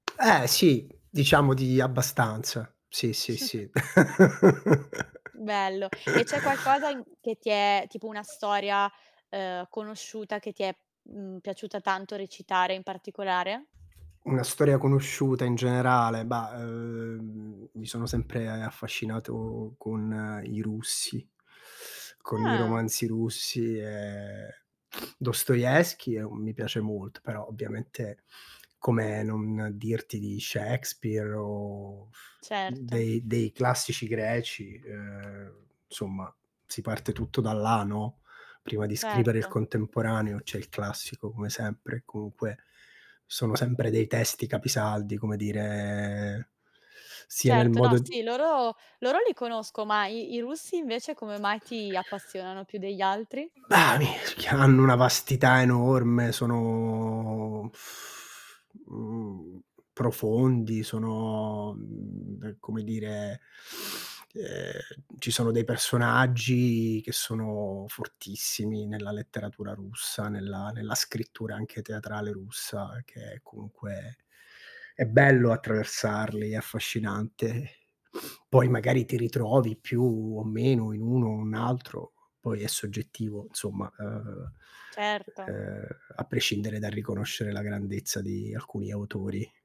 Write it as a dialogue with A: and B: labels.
A: Eh, sì diciamo di abbastanza. Sì, sì, sì.
B: Bello. E c'è qualcosa in che ti è tipo una storia, ehm, conosciuta che ti è, mhmm, piaciuta tanto recitare in particolare?
A: Una storia conosciuta in generale, bah, uhm, m mi sono sempre affascinato con i russi, con i
B: Ah.
A: romanzi russi, ehm, Dostoevskij è un mi piace molt però ovviamente come non dirti di Shakespeare o
B: Certo.
A: dei dei classici greci, ehm, somma si parte tutto da là, no, prima di scrivere il
B: Certo.
A: contemporaneo c'è il classico come sempre e comunque sono sempre dei testi capisaldi come dire sia nel
B: Certo, no,
A: modo
B: sì, loro loro li conosco, ma i i russi invece come mai ti appassionano più degli altri?
A: Bah, [unintelligible] hanno una vastità enorme sono mhmm, profondi, sono, uhm, come dire ehm, ci sono dei personaggi che sono fortissimi nella letteratura russa, nella nella scrittura anche teatrale russa che comunque è bello attraversarli, è affascinante. Poi magari ti ritrovi più o meno in uno, un altro, poi è soggettivo insomma, uhm
B: Certo.
A: uhm, a prescindere dal riconoscere la grandezza di alcuni autori.